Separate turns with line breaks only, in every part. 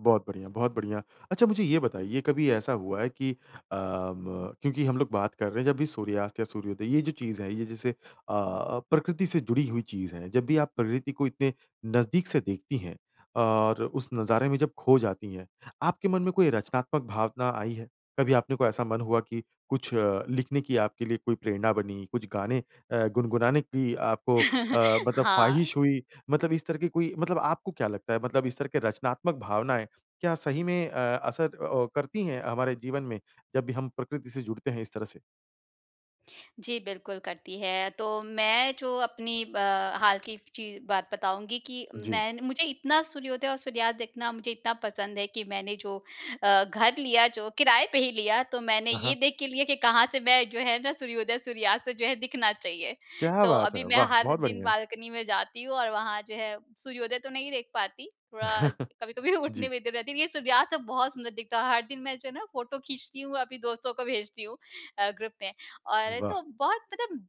बहुत बढ़िया, बहुत बढ़िया। अच्छा मुझे ये बताइए, कभी ऐसा हुआ है कि अब क्योंकि हम लोग बात कर रहे हैं, जब भी सूर्यास्त या सूर्योदय, ये जो चीज़ है, ये जैसे अ, प्रकृति से जुड़ी हुई चीज़ है। जब भी आप प्रकृति को इतने नज़दीक से देखती हैं, और उस नज़ारे में जब खो जाती हैं, आपके मन में कोई रचनात्मक भावना आई है? कभी अपने कोई ऐसा मन हुआ कि कुछ अ, लिखने की आपके लिए कोई प्रेरणा बनी, कुछ गाने अ, गुनगुनाने की आपको अ, मतलब
हाँ।
ख़्वाहिश हुई मतलब इस तरह की कोई मतलब आपको क्या लगता है मतलब इस तरह के रचनात्मक भावनाएँ क्या सही में अ, असर ओ, करती हैं, हमारे जीवन में? जब भी हम प्रकृति से जुड़ते हैं, इस तरह से।
जी बिल्कुल करती है। तो मैं जो अपनी ब, हाल की चीज़ बात बताऊँगी कि
जी।
मैं मुझे इतना सूर्योदय और सूर्यास्त देखना मुझे इतना पसंद है कि मैंने जो अ, घर लिया जो किराए पे ही लिया तो मैंने
अ
ये
हाँ।
देख के लिया कि कहाँ से मैं जो है ना सूर्योदय-सूर्यास्त जो है दिखना चाहिए।
क्या
तो
बात
अभी
है?
मैं
वाह!
हर
बहुत
दिन
बढ़िया।
बाल्कनी में जाती हूँ और वहाँ जो है सूर्योदय तो नहीं देख पाती, थोड़ा कभी-कभी उठने
जी।
में जरा देर ये सूर्यास्त बहुत सुंदर दिखता है, हर दिन मैं जो है ना फ़ोटो खींचती हूँ। अभी दोस्तों को भेजती हूँ अ, ग्रुप में और
वाह!
तो बहुत मतलब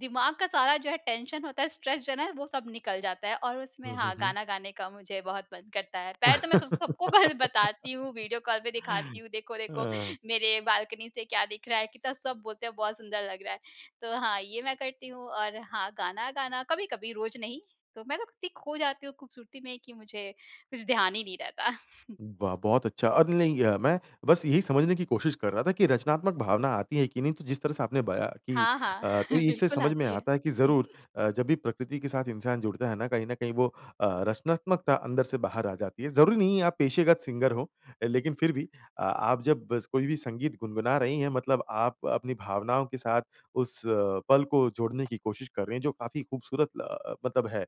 दिमाग का सारा जो है टेंशन होता है, स्ट्रेस जो है वो सब निकल जाता है और उसमें
हुँ, हुँ,
हाँ
हुँ।
गाना गाने का मुझे बहुत मन करता है। पहले तो मैं सब सबको बस बताती हूँ वीडियो कॉल पे दिखाती हूँ देखो, देखो
हँ।
मेरे बाल्कनी से क्या दिख रहा है, कितना सब बोलते हैं बहुत सुंदर लग रहा है। तो हाँ ये मैं करती हूँ और हाँ गाना, गाना कभी-कभी रोज नहीं तो मैं ना इत्ती खो जाती हूँ खूबसूरती में कि मुझे कुछ ध्यान ही नहीं रहता।
वाह! बहुत अच्छा, अब नहीं गया मैं, बस यही समझने की कोशिश कर रहा था कि रचनात्मक भावना आती हैं कि नहीं। तो जिस तरह से आपने बयाँ की
हाँ, हाँ।
अ, तो इससे
बिल्कुल
समझ में
आती है।
आता है कि ज़रूर अ, जब भी प्रकृति के साथ इंसान जुड़ता है ना, कहीं ना कहीं वो अ, रचनात्मकता अंदर से बाहर आ जाती है। ज़रूरी नहीं है, आप पेशेगत सिंगर हों, लेकिन फिर भी अ, आप जब बस कोई भी संगीत गुनगुना रहीं हैं मतलब आप अपनी भावनाओं के साथ उस पल को जोड़ने की कोशिश कर रहीं हैं जो काफ़ी खूबसूरत ल मतलब है।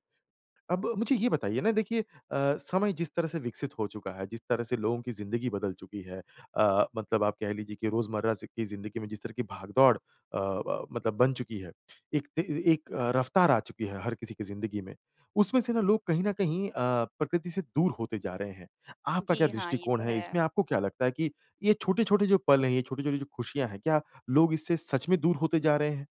अब मुझे ये बताइए ना देखिए अ, समय जिस तरह से विकसित हो चुका है, जिस तरह से लोगों की जिंदगी बदल चुकी है। अ, मतलब आप कह लीज़िए कि रोजमर्रा स, की जिंदगी में जिस तरह की भाग-दौड़ अ, ब मतलब बन चुकी है, एक ते ए एक रफ़्तार आ चुकी है हर किसी की जिंदगी में। उसमें से ना लोग कहीं ना कहीं अ, प्रकृति से दूर होते जा रहे हैं। आपका क्या
जी, हाँ। ये
दृष्टिकोण
तो
है इसमें,
है।
आपको क्या लगता है कि ये छोटे-छोटे जो पल हैं, ये छोटी-छोटी जो खुशियाँ है, क्या लोग इससे सच में दूर होते जा रहे हैं?